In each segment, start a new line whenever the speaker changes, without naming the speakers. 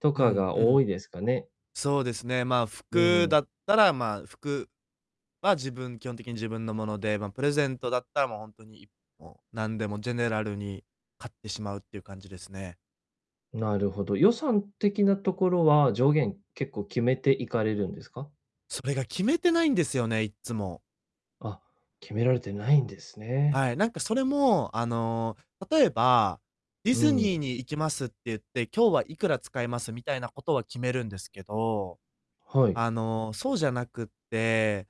と
う
か
ん、
が
う
多
ん。
いですかね。
そうですね。ま、
うー
服
ん。
だったら、ま、服は自分基本的に自分のもので、ま、プレゼントだったら、もう、ほんとに、いもう、なんでもジェネラルに買ってしまうっていう感じですね。
なるほど、予算的なところは上限結構決めていかれるんですか？
それが決めてないんですよね、いっつも。
あ、決められてないんですね。
はい、なんか、それも、あの、例えば「ディ
う
ズ
ん。
ニーに行きます」って言って、今日はいくら使いますみたいなことは決めるんですけど。
はい。
あの、そうじゃなくて、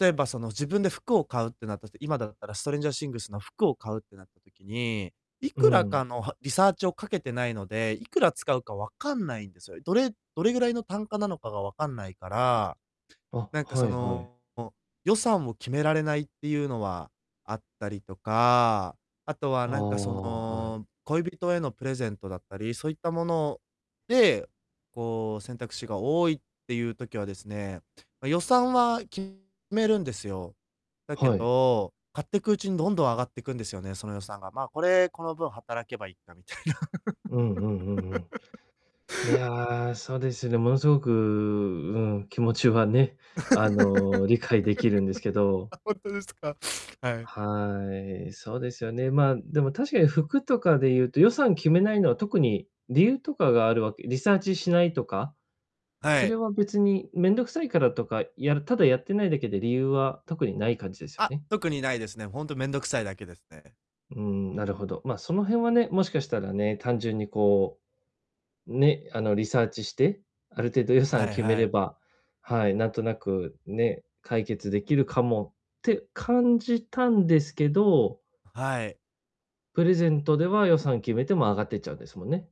例えば、その、自分で服を買うってなったと、今だったらストレンジャー・シングスの服を買うってなった時に、い
う
くら
ん。
かの、はリサーチをかけてないので、いくら使うかわかんないんですよ。どれどれぐらいの単価なのかがわかんないから、
あ、
なんか、
は
そ
いはい。
の、予算を決められないっていうのはあったりとか、あとは、
ああ、
なんか、そ
はい。
の、恋人へのプレゼントだったり、そういったもの、で、こう選択肢が多いっていう時はですね、ま、予算は決めるんですよ。だけ
はい。
ど、買っていくうちにどんどん上がっていくんですよね、その予算が、ま、これ、この分働けばいっかみたいな。
うんうんうんうん。いや、そうですね、ものすごく、うん、気持ちはね、あの、理解できるんですけ ど
あ、ほんとですか？はい。
はい、そうですよね、まあ、でも確かに服とかで言うと、予算決めないのは特に理由とかがあるわけリサーチしないとか、
は
それ
い。
は別にめんどくさいからとか、やるただやってないだけで理由は特にない感じですよ
あ、
ね？
特にないですね。ほんとめんどくさいだけですね。
うん、なるほど、まあ、その辺はね、もしかしたらね、単純に、こう、ね、あの、リサーチして、ある程度予算
はい
決め
は
れ
い。
ばはい、なんとなく、ね、解決できるかもって感じたんですけど
あ、はい。
プレゼントでは予算決めても上がってっちゃうんですもんね。